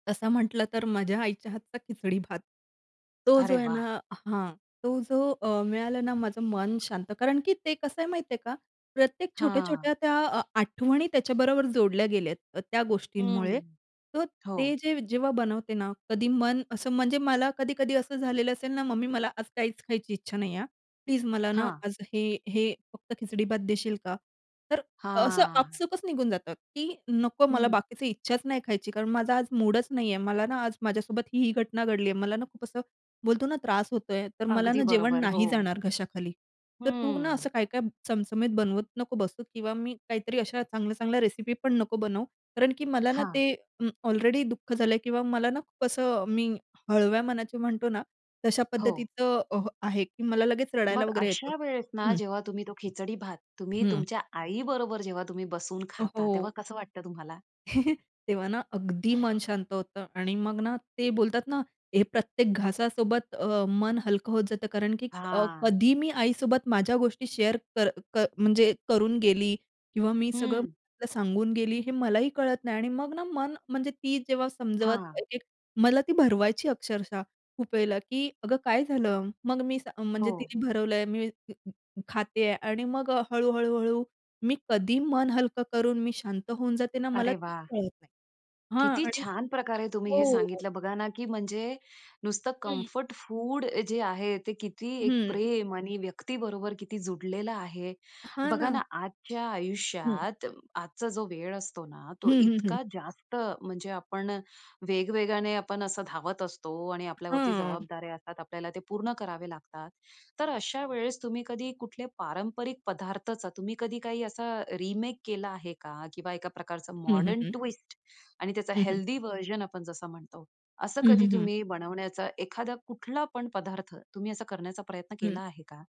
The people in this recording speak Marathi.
तसं म्हटलं तर माझ्या आईच्या हातचा खिचडी भात. तो जो अरे आहे वाह! ना हां. तो जो अ, मिळाला ना माझं मन शांत. कारण, की ते कसं आहे माहिती आहे का? प्रत्येक हां. छोट्या-छोट्या त्या अ, आठवणी त्याच्याबरोबर जोडल्या गेल्या आहेत. त्या गोष्टींमुळे हं. तर हो. ते जे जेव्हा बनवते ना कधी मन असं म्हणजे मला कधी-कधी असं झालेलं असेल ना, "मम्मी मला आज काहीच खायची इच्छा नाही आहे हं. प्लीज मला ना हां. आज हे हे फक्त खिचडी भात देशील का?" तर असं हां. आपसूकच निघून जातं, की "नको, मला हं. बाकीच इच्छाच नाही खायची, कारण माझा आज मूडच नाही आहे. मला ना आज माझ्यासोबत ही-ही घटना घडली आहे." मला ना खूप असं बोलतो ना त्रास होतोय. "तर मला अगदी ना जेवण बरोबर. नाही हो. जाणार घशाखाली. तर तू ना असं हं. काय-काय चमचमीत बनवत नको बसू किंवा मी काहीतरी अशा चांगल्या-चांगल्या रेसिपी पण नको बनवू." कारणकी मला ना हां. ते अ, ऑलरेडी दुःख झालं किंवा मला ना खूप असं मी हळव्या मनाची म्हणतो ना तशा हो. पद्धतीचं अ, आहे. की मला लगेच रडायला मग वगैरे येतं. अशा वेळेस ना हं. जेव्हा तुम्ही तो खिचडी भात तुम्ही हं. तुमच्या आईबरोबर जेव्हा तुम्ही बसून अ, खाता हो. तेव्हा कसं वाटतं तुम्हाला? तेव्हा ना अगदी मन शांत होतं आणि मग ना, ते बोलतात ना हे प्रत्येक घासासोबत अ, मन हलकं होत जातं कारण, की अ, हां. कधी मी आईसोबत माझ्या गोष्टी शेअर म्हणजे क क करून गेली किंवा मी सगळं हं. सांगून गेली हे मलाही कळत नाही. आणि मग ना मन म्हणजे ती जेव्हा समजवत हां. एक-एक मला ती भरवायची अक्षरशः. खुप वेळला, की "अगं काय झालं?" मग मी सां म्हणजे हो. तिने भरवलंय मी खाते आहे आणि मग हळू-हळू-हळू मी कधी मन हलकं करून मी शांत होऊन जाते ना मला अरे तेच वाह! कळत नाही. हां किती आणि छान प्रकारे तुम्ही हो, हे हो, हो. सांगितलं बघा ना, की म्हणजे नुसतं हं. कम्फर्ट फूड जे आहे ते किती एक हं. प्रेम आणि व्यक्तीबरोबर किती जोडलेलं आहे. हां, बघा ना. ना आजच्या हं. आयुष्यात आजचा जो वेळ असतो ना तो हं, हं, हं. इतका जास्त म्हणजे आपण वेगवेगाने आपण असं धावत असतो आणि आपल्याला वरती हां. जबाबदाऱ्या असतात. आपल्याला ते पूर्ण करावे लागतात. तर अशा वेळेस तुम्ही कधी कुठल्या पारंपरिक पदार्थाचा तुम्ही कधी काही असा रिमेक केला आहे का? किंवा एका प्रकारचं हं. हं, मॉडर्न हं. ट्विस्ट आणि त्याचा हं, हं. हेल्थी व्हर्जन आपण जसं म्हणतो असं हं, कधी हं, हं. तुम्ही बनवण्याचा एखादा कुठला पण पदार्थ तुम्ही असा करण्याचा प्रयत्न केला हं. आहे का?